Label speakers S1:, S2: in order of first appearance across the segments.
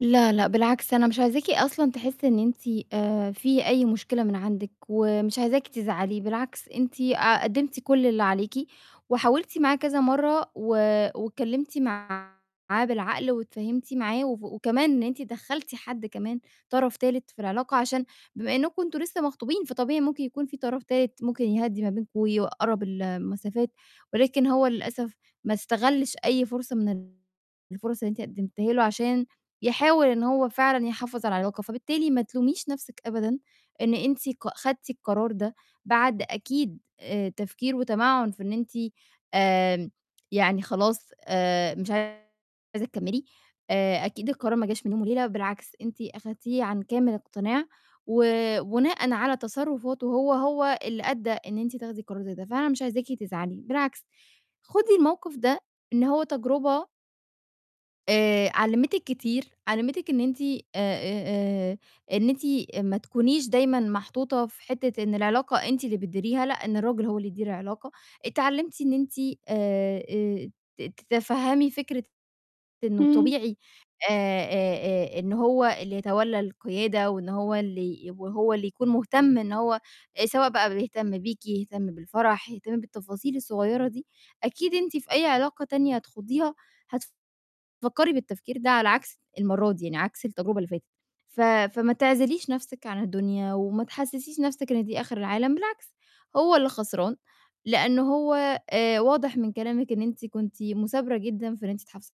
S1: لا، لأ، بالعكس، أنا مش عايزاكِ أصلًا تحسّي إن أنتِ آآ، في أي مشكلة من عندِك، ومش عايزاكِ تزعلي، بالعكس أنتِ آآ، قدّمتِ كُلّ اللي عليكِ، وحاولتِ معاه كذا مرّة، و واتكلّمتِ معاه بالعقل واتفاهمتِ معاه، وف وكمان إن أنتِ دخّلتِ حد كمان، طَرَف تالت في العلاقة، عشان بما إنكم أنتم لسّه مخطوبين، فطبيعي ممكن يكون فيه طَرَف تالت ممكن يهدِّي ما بينكم، ويقرَّب المسافات، ولكن هو للأسف ما استغلِّش أي فرصة من ال الفُرَص اللي أنتِ قدّمتيها له عشان يحاول إن هو فعلًا يحافظ على العلاقة، فبالتالي ما تلوميش نَفْسِك أبدًا، إن أنتِ ق خدتي القرار ده، بعد أكيد آآ، تفكير وتَمَعُّن في إن أنتِ آمم، يعني خلاص آآ، مش عايزة تكمّلي، آآ، أكيد القرار ما جاش من يوم وليلة، بالعكس أنتِ أخدتيه عن كامل اقتناع، وبناءً على تصرّفاتُه هو، هو اللي أدّى إن أنتِ تاخدي قرار زي ده، فأنا مش عايزاكِ تزعلي، بالعكس خدي الموقف ده إن هو تجربة آآ، علّمِتِك كتير، علّمِتِك إن أنتِ آآ، آآ، آآ، إن أنتِ أ ما تكونيش دايمًا محطوطة في حتّة إن العلاقة أنتِ اللي بتديريها، لأ، إن الراجل هو اللي يدير العلاقة، اتعلمتِ إن أنتِ، آآ، آآ، ت تَتَفهّمي فكرة إنه
S2: امم.
S1: طبيعي، آآ، آآ، آآ، إن هو اللي يتولّى القيادة، وإن هو اللي يبقى هو اللي يكون مهتم إن هو آآ، سواء بقى بيهتم بيكِ، يهتم بالفَرَح، يهتم بالتفاصيل الصغيّرة دي، أكيد أنتِ في أي علاقة تانية هتخوضيها هتفكّري بالتفكير ده على عكس المرّة دي يعني عكس التجربة اللي فاتت، ف فما تعزليش نَفْسِك عن الدنيا، وما تحسِّسِيش نفْسِك إن دي آخر العالم، بالعكس هو اللي خسران لأن هو آآ، واضح من كلامِك إن أنتِ كنتِ مُثابرة جدًا في إن أنتِ تحافظي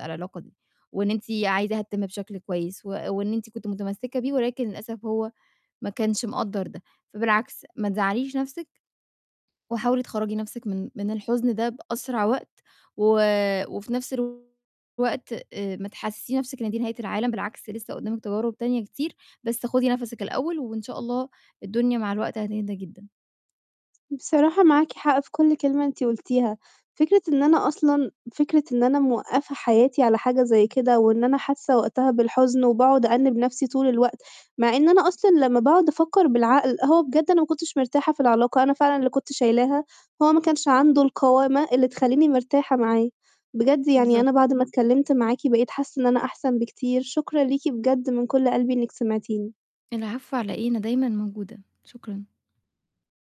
S1: على العلاقة دي، وإن أنتِ عايزاها تتِمّ بشكل كويّس، و وإن أنتِ كنتِ مُتَمسّكة بيه، ولكن للأسف هو ما كانش مقدّر ده، فبالعكس ما تزعَّليش نَفْسِك، وحاولي تخرّجي نَفْسِك من من الحُزن ده بأسرع وقت، و وفي نَفْس الوقت آآ، ما تحسسيش نَفْسِك إن دي نهاية العالم، بالعكس لسّة قُدّامك تجارب تانية كتير، بس خُدي نَفَسِك الأوّل، وإن شاء الله الدنيا مع الوقت هتهدى جدًا.
S2: بصراحة معاكِ حق في كُلّ كلمة أنتِ قُلتيها، فكرة إن أنا أصلًا فكرة إن أنا موقّفة حياتي على حاجة زي كده، وإن أنا حاسّة وقتها بالحُزن وباقعد أأنِّب نفْسي طول الوقت، مع إن أنا أصلًا لمّا باقعد أفكّر بالعقل، هو بجد أنا ما كنتش مرتاحة في العلاقة، أنا فعلًا اللي كنت شايلاها، هو ما كانش عنده القوامة اللي تخلّيني مرتاحة معاه، بجد يعني
S1: بالضبط.
S2: أنا بعد ما اتكلّمت معاكِ بقيت حاسّة إن أنا أحسن بكتير، شكرًا ليكِ بجد من كُلّ قلبي إنك سمعتيني.
S1: العفو على إيه، أنا دايمًا موجودة، شكرًا.